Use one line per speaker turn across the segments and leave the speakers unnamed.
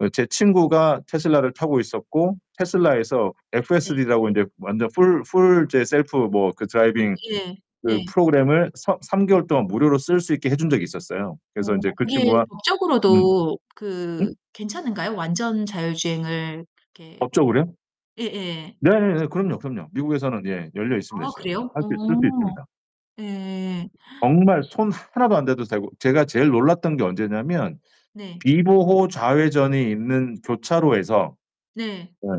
어 제 친구가 테슬라를
네.
타고 있었고
네.
테슬라에서
네.
FSD라고 인제 완전 full full 이제 셀프 뭐 그 드라이빙
되게
그
예.
프로그램을 서 3 개월 동안 무료로 쓸 수 있게 해 준 적이 있었어요. 그래서
어
인제 그
그게
친구가 음.
법적으로도
음?
그 괜찮은가요, 완전 자율주행을 이렇게
법적으로요?
예예.
네네네. 그럼요, 그럼요. 미국에서는 예 열려 있습니다,
아
지금. 그
그래요?
할 수 쓸 수
어.
있습니다.
예.
정말 손 하나도 안 대도 되고 제가 제일 놀랐던 게 언제냐면
네.
비보호 좌회전이 있는 교차로에서
네.
예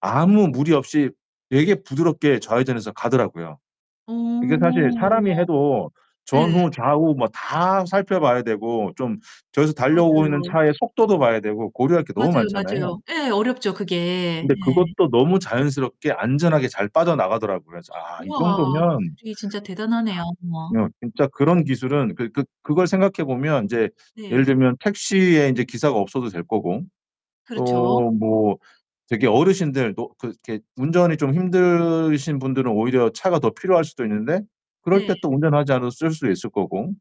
아무 무리 없이 되게 부드럽게 좌회전 해서 가더라고요.
어.
이게 사실 사람이 해도
예.
전후좌우 뭐 다 살펴 봐야 되고 좀 저기서 달려오고 있는
맞아요.
차의 속도도 봐야 되고 고려할 게 너무
맞아요,
많잖아요.
맞아요. 예. 어렵죠 그게.
근데
예.
그것도 너무 자연스럽게 안전하게 잘 빠져나가더라고요. 그래서 '아 이 정도면'
우와.
아
기술이 진짜 대단하네요. 우와.
어 진짜 그런 기술은 그 그 그걸 생각해 보면 인제 예를
네.
들면 택시에 인제 기사가 없어도 될 거고
그렇죠.
또 뭐 되게 어르신들도 그렇게 운전이 좀 힘드신 분들은 오히려 차가 더 필요할 수도 있는데 그럴
네.
때 또 운전하지 않아도 쓸 수 있을 거고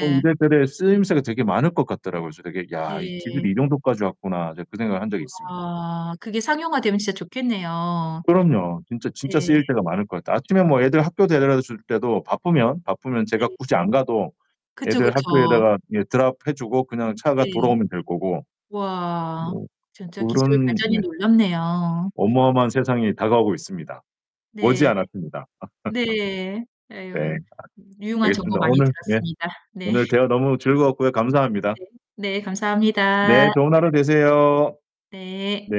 뭐 이래저래 쓰임새가 되게 많을 것 같더라고요. 그래서 되게 '야, 이 기술이
네.
이 정도까지 왔구나.' 제가 그 생각을 한 적이 있습니다.
우와. 그게 상용화되면 진짜 좋겠네요.
그럼요. 진짜,
네.
진짜 쓰일 때가 많을 것 같아. 아침에 뭐 애들 학교 데려다 줄 때도 바쁘면, 바쁘면 제가 굳이 안
네.
가도
그쵸,
애들
그쵸.
학교에다가 예 드롭해 주고 그냥 차가
네.
돌아오면 될 거고
와.
뭐
진짜 기술
그런
발전이
네.
놀랍네요.
어마어마한 세상이 다가오고 있습니다.
네.
머지않았습니다.
네.
네.
아유.
아
유용한 정보
알겠습니다.
많이
오늘 예
들었습니다. 네.
오늘 대화 너무 즐거웠고요. 감사합니다.
네. 네.
네
감사합니다.
좋은 하루 되세요.
네.
네.